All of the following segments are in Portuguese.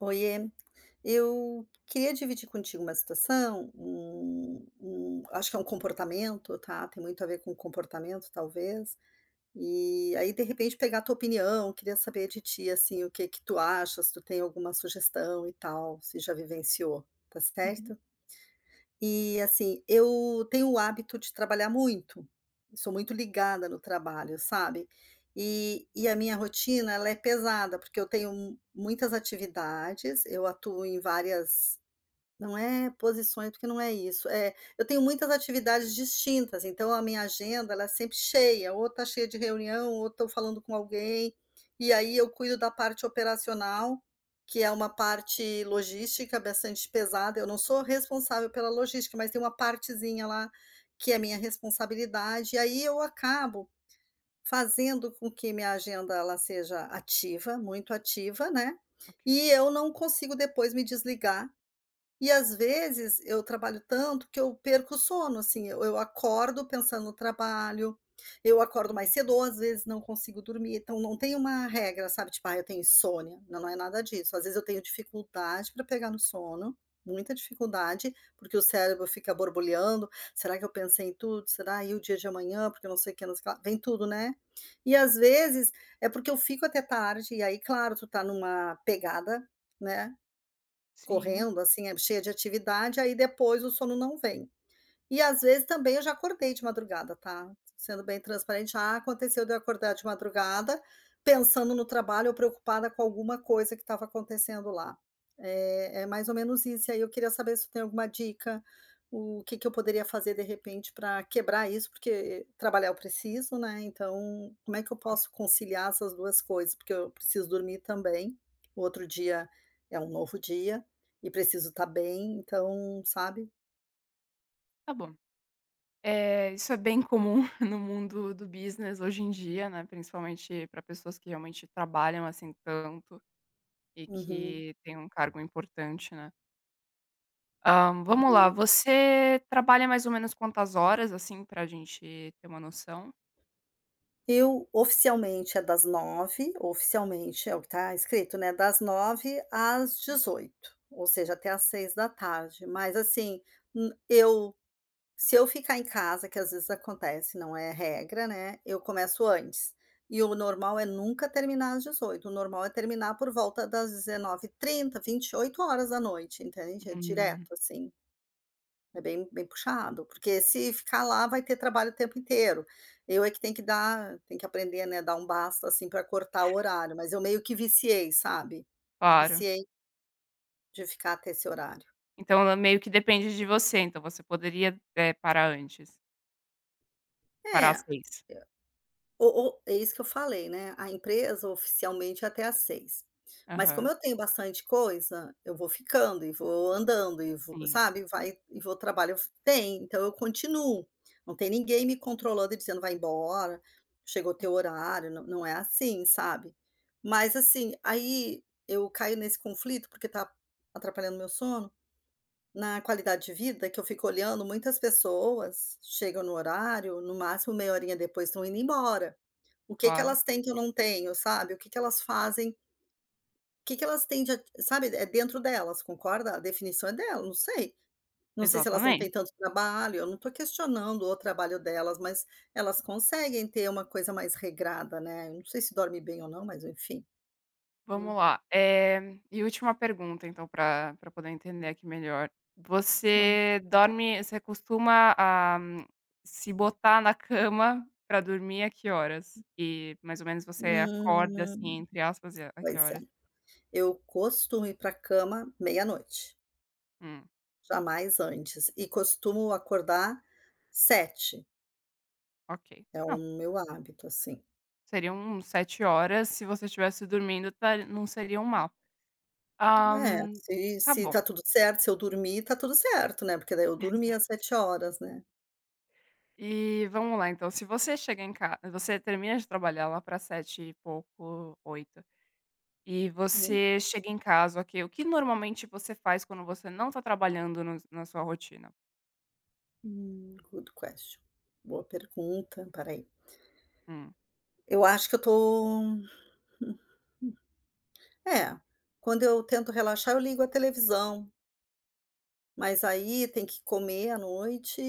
Oiê. Eu queria dividir contigo uma situação, um um acho que é um comportamento, tá? Tem muito a ver com comportamento, talvez. Eh, aí, de repente, pegar a tua opinião. Queria saber de ti, assim, o que que tu achas, se tu tem alguma sugestão e tal, se já vivenciou. Está Uhum. certo? E assim, eu tenho o hábito de trabalhar muito, sou muito ligada no trabalho, sabe? E e a minha rotina ela é pesada, porque eu tenho m muitas atividades, eu atuo em várias não é posições, porque não é isso. É, eu tenho muitas atividades distintas, então a minha agenda ela é sempre cheia, ou está cheia de reunião, ou estou falando com alguém. E aí eu cuido da parte operacional, que é uma parte logística bastante pesada. Eu não sou responsável pela logística, mas tem uma partezinha lá que é minha responsabilidade. Aí eu acabo fazendo com que minha agenda ela seja ativa, muito ativa, né. Ok. E eu não consigo depois me desligar. E às vezes eu trabalho tanto que eu perco o sono, assim, eu eu acordo pensando no trabalho, eu acordo mais cedo Uhum. ou às vezes não consigo dormir. Então não tem uma regra, sabe? Tipo, ah, eu tenho insônia. Não é nada disso. Às vezes eu tenho dificuldade para pegar no sono, muita dificuldade, porque o cérebro fica borbulhando. "Será que eu pensei em tudo? Será? E o dia de amanhã? Porque não sei o que, não sei o que lá", não se vem tudo, né, eh, às vezes é porque eu fico até tarde. E aí, claro, tu está numa pegada, né, Sim. correndo assim, é, cheia de atividade, aí depois o sono não vem. E às vezes também eu já acordei de madrugada, tá? Sendo bem transparente. Já, aconteceu de eu acordar de madrugada pensando no trabalho ou preocupada com alguma coisa que estava acontecendo lá, eh, é mais ou menos isso. E aí eu queria saber se tu tem alguma dica, o que que eu poderia fazer, de repente, para quebrar isso, porque trabalhar eu preciso, né, então como é que eu Claro. posso conciliar essas duas coisas? Porque eu preciso dormir também. O outro dia é um novo dia e preciso estar bem, então, sabe? Tá bom! Eh, isso é bem comum, no mundo do business, hoje em dia, né, principalmente pra pessoas que realmente trabalham, assim, tanto e Uhum. que têm um cargo importante, né. Ah, vamos lá! Uhum. Você trabalha mais ou menos quantas horas, assim, pra gente ter uma noção? Eu oficialmente, é das 9h oficialmente, é o que tá escrito, né, das 9h às 18h, ou seja, até às 18h. Mas, assim, n eu se eu ficar em casa que, às vezes, acontece, não é regra, né, eu começo antes. E o normal é nunca terminar às 18h. O normal é terminar por volta das 19h30, 20h, 20h, entende, é Uhum. direto, assim. É bem bem puxado. Porque, se ficar lá, vai ter trabalho o tempo inteiro. Eu é que tenho que dar tem que aprender, né, a dar um basta, assim, pra cortar o horário, mas eu meio que viciei, sabe? Claro. Viciei de ficar até esse horário. Então, ela meio que depende de você. Então, você poderia, eh, parar antes. Parar É, às 18h. eu o o é isso que eu falei, né, a empresa oficialmente é até às 18:00. Mas como Aham. eu tenho bastante coisa, eu vou ficando e vou andando e vou Sim. sabe, e vai e vou trabalho f tem, então eu continuo. Não tem ninguém me controlando e dizendo: "Vai embora, chegou teu horário". Não não é, assim, sabe. Mas, assim aí eu caio nesse conflito, porque tá atrapalhando meu sono, na qualidade de vida, que eu fico olhando muitas pessoas chegam no horário, no máximo meia horinha depois tão indo embora. O que que Claro. elas têm que eu não tenho, sabe, o que que elas fazem O que que elas têm de a sabe, é dentro delas, concorda? A definição é delas, não sei. Não sei se elas não Exatamente. têm tanto trabalho, eu não tô questionando o trabalho delas, mas elas conseguem ter uma coisa mais regrada, né. Eu não sei se dorme bem ou não, mas enfim. Hum. Vamos lá. Eh, e última pergunta então pra pra poder entender aqui melhor. Claro. Você dorme você costuma, ah, se botar na cama pra dormir a que horas? E mais ou menos você "acorda", Hum. assim, entre aspas, a a que Pois é. horas? Eu costumo ir pra cama meia-noite. Hum. Jamais antes. E costumo acordar 7h. Ok. É o Não meu hábito, assim. Seriam 7 horas se você tivesse dormindo tar não seriam mal. Ah, É, se tá se bom. tá tudo certo se eu dormi, tá tudo certo, né. Porque daí eu dormi as Exato. 7 horas, né. E vamo lá então, se você chega em ca você termina de trabalhar lá pra 19h e pouco, 20h e Hum. você chega em casa, o que o que normalmente você faz quando você não tá trabalhando no s na sua rotina? Hum, Good question. Boa pergunta, pera aí. Hum. Eu acho que eu tô hum hum, é, quando eu tento relaxar, eu ligo a televisão. Mas aí tem que comer à noite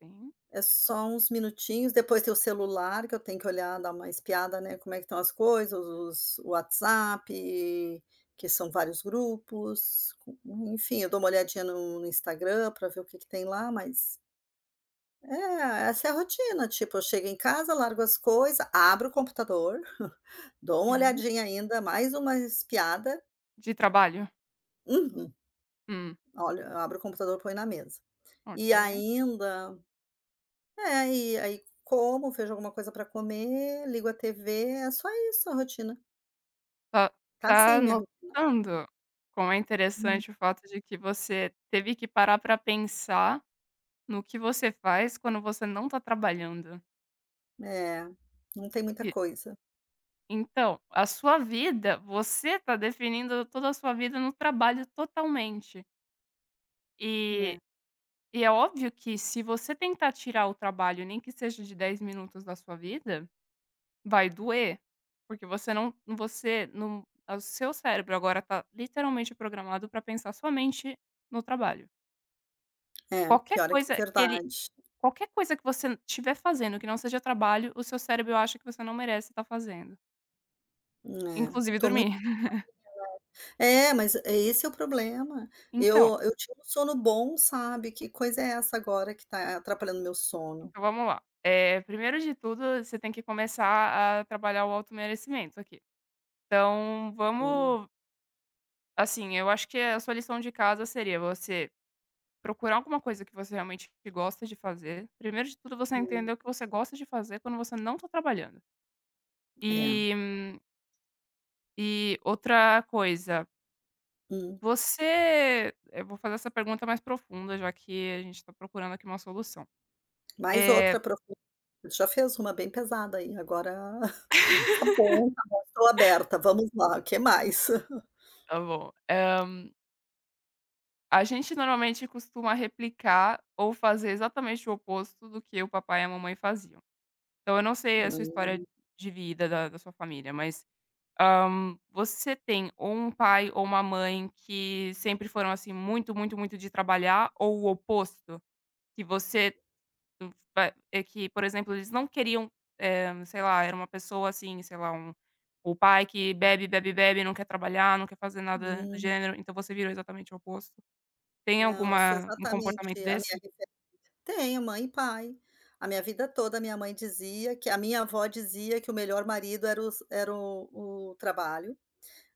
Sim. é só uns minutinhos, depois tem o celular que eu tenho que olhar, dar uma espiada, né, como é que tão as coisas, os os o WhatsApp, que são vários grupos, en enfim, eu dou uma olhadinha no no Instagram pra ver o que que tem lá, mas É, essa é a rotina. Tipo, eu chego em casa, largo as coisa, abro o computador, dou uma Uhum. olhadinha ainda, mais uma espiada De trabalho? Uhum. Hum. Olha, abro o computador, põe na mesa. E Ok. ainda é, e aí como, vejo alguma coisa pra comer, ligo a TV, é só isso a rotina. Está, Está está assim minha rotina. notando quão é Hum. interessante o fato de que você teve que parar para pensar no que você faz, quando você não está trabalhando? É, não tem muita E coisa. então, a sua vida, você está definindo toda a sua vida no trabalho totalmente. É. E e é óbvio que se você tentar tirar o trabalho, nem que seja de 10 minutos da sua vida, vai doer, porque você não você num o seu cérebro agora está literalmente programado para pensar somente no trabalho. É, Qualquer pior é que é coisa ele verdade. qualquer coisa que você tiver fazendo que não seja trabalho, o seu cérebro acha que você não merece estar fazendo. É, Inclusive estou muito. dormir. [unintelligible] É, mas é esse é o problema. Então Eu eu tinha um sono bom, sabe, que coisa é essa agora que está atrapalhando meu sono? então vamos lá. Eh, primeiro de tudo, você tem que começar a trabalhar o auto merecimento aqui. Então Hum. vamos Assim, eu acho que a sua lição de casa seria você procurar alguma coisa que você realmente gosta de fazer. Primeiro de tudo, você Hum. entender o que você gosta de fazer quando você não tá trabalhando. É. E e outra coisa Hum. você eu vou fazer essa pergunta mais profunda, já que a gente tá procurando aqui uma solução. Mais Eh outra profu já fez uma bem pesada aí, agora tá bom tá bom, tô aberta, vamos lá, o que mais? Tá bom. Ah a gente normalmente costuma replicar ou fazer exatamente o oposto do que o papai e a mamãe faziam. Então eu não sei a sua história Hum. de vida, da da sua família, mas, ah, você tem ou um pai ou uma mãe que sempre foram, assim, muito, muito, muito de trabalhar ou o oposto? Que você, va é que por exemplo, eles não queriam eh, sei lá, era uma pessoa assim, sei lá, um o pai que bebe, bebe, bebe, não quer trabalhar, não quer fazer nada do Hum. gênero, então você virou exatamente o oposto. Tem Não, eu sou alguma um exatamente comportamento a minha desse? referência. Tenho mãe e pai. A minha vida toda, minha mãe dizia que a minha avó dizia que o melhor marido era os era o o trabalho.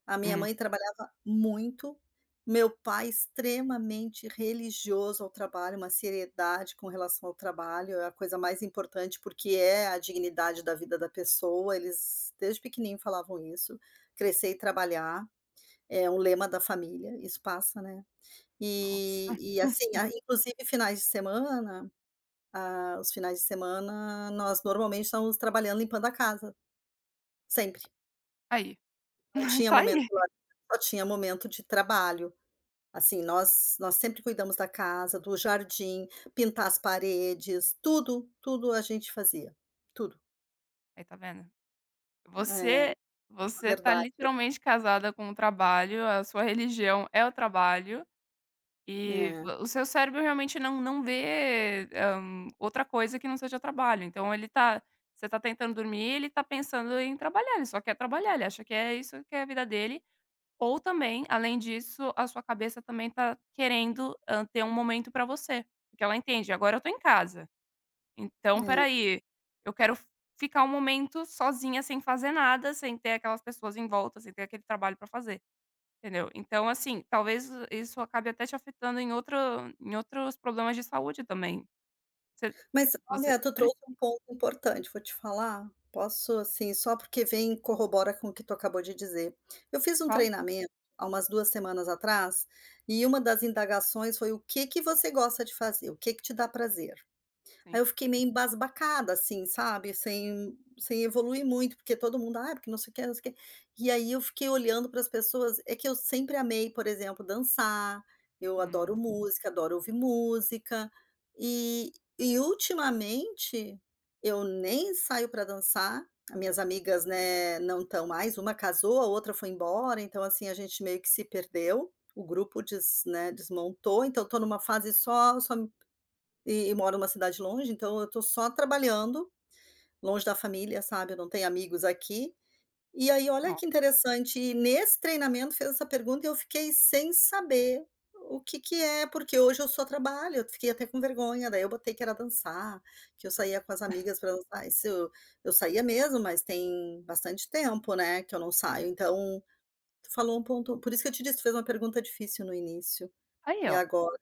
A minha Hum. mãe trabalhava muito, meu pai extremamente religioso ao trabalho, uma seriedade com relação ao trabalho, é a coisa mais importante, porque é a dignidade da vida da pessoa. Eles desde pequeninho falavam isso, crescer e trabalhar é o lema da família e isso passa, né. Nossa! E e assim, a inclusive finais de semana ah, os finais de semana nós normalmente estávamos trabalhando limpando a casa. Sempre. Aí. Não tinha Tá momento aí. de lazer, só tinha momento de trabalho. Assim, nós nós sempre cuidamos da casa, do jardim, pintar as paredes, tudo tudo a gente fazia, tudo. Aí, tá vendo. É. Você você tá Verdade. literalmente casada com o trabalho. A sua religião é o trabalho, e É. o seu cérebro realmente não não vê, hã, outra coisa que não seja trabalho. Então, ele tá você tá tentando dormir, ele tá pensando em trabalhar, ele só quer trabalhar, ele acha que é isso que é a vida dele. Ou também, além disso, a sua cabeça também está querendo, hã, ter um momento pra você, porque ela entende: "Agora eu tô em casa, então pera É. aí, eu quero ficar um momento sozinha, sem fazer nada, sem ter aquelas pessoas em volta, sem ter aquele trabalho para fazer", entendeu. Então assim, talvez isso acabe até te afetando em outro em outros problemas de saúde também. Você Mas você olha, tu precis trouxe um ponto importante. Vou te falar, posso, assim, só porque vem e corrobora com o que tu acabou de dizer. Eu fiz um Fala. treinamento, há umas 2 semanas atrás, e uma das indagações foi: "O que que você gosta de fazer? O que que te dá prazer?". Aí Sim. eu fiquei meio embasbacada assim, sabe. Sem sem evoluir muito, porque todo mundo: "Ah, porque não sei o quê, não sei o quê". E aí, eu fiquei olhando para as pessoas É que eu sempre amei, por exemplo, dançar. Eu adoro Hum. música, adoro ouvir música, e e ultimamente, eu nem saio pra dançar. As minhas amigas, né, não estão mais Uma casou, a outra foi embora. Então, assim, a gente meio que se perdeu. O grupo des né, desmontou. Então, eu estou numa fase só só e e moro numa cidade longe, então eu tô só trabalhando, longe da família, sabe. Eu não tenho amigos aqui. E aí, olha Nossa. que interessante, e nesse treinamento fez essa pergunta, e eu fiquei sem saber o que que é, porque hoje eu só trabalho. Eu fiquei até com vergonha, daí eu botei que era dançar, que eu saía com as amigas para dançar, e se eu Eu saía mesmo, mas tem bastante tempo, né, que eu não saio. Então, tu falou um ponto por isso que eu te disse, fez uma pergunta difícil no início, Aí, e ó! agora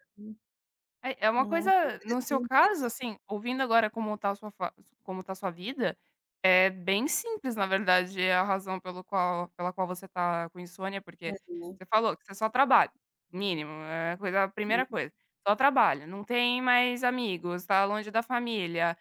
Eh, é uma Nossa, coisa no seu interessante caso, isso. assim, ouvindo agora como tá a sua fa como tá a sua vida, é bem simples, na verdade, a razão pelo qual pela qual você tá com insônia, porque Mas não. você falou que você só trabalha. Mínimo, eh, coisa primeira [unintelligible] coisa, só trabalha, não tem mais amigos, tá longe da família.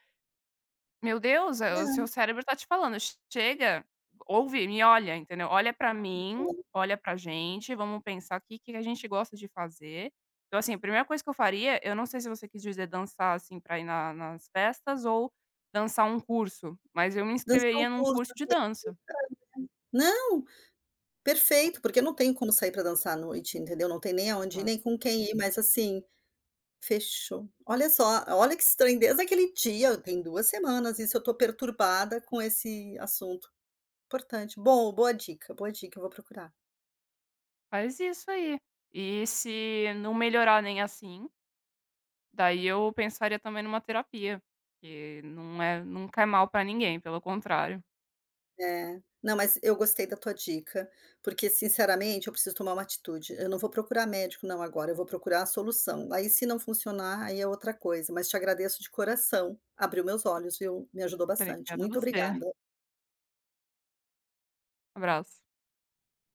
Meu Deus! Eh, o seu É. cérebro está te falando: "Che chega, ouve, me olha", entendeu. "Olha pra Que mim, bom! olha pra gente, vamos pensar que que a gente gosta de fazer". Então assim, a primeira coisa que eu faria, eu não sei se você quis dizer dançar assim, para ir na nas festas ou dançar um curso, mas eu me Dançar um inscreveria num curso.. curso [unintelligible] de dança. Não, Po perfeito, porque não tem como sair pra dançar à noite, entendeu. Não tem nem aonde ir, Tá. nem com quem ir, mas assim, fechou! Olha só! Olha que estranho, desde aquele dia, tem 2 semanas isso, eu estou perturbada com esse assunto. Importante, bom, boa dica, boa dica! Eu vou procurar. Faz isso aí. E se não melhorar nem assim daí, eu pensaria também numa terapia, que não é não cai mal pra ninguém, pelo contrário. É. Não, mas eu gostei da tua dica, porque, sinceramente, eu preciso tomar uma atitude. Eu não vou procurar médico não agora, eu vou procurar a solução. Aí, se não funcionar, aí é outra coisa. Mas, te agradeço de coração. Abriu meus olhos, viu. Me ajudou bastante. Obrigada Muito você. obrigada. Abraço.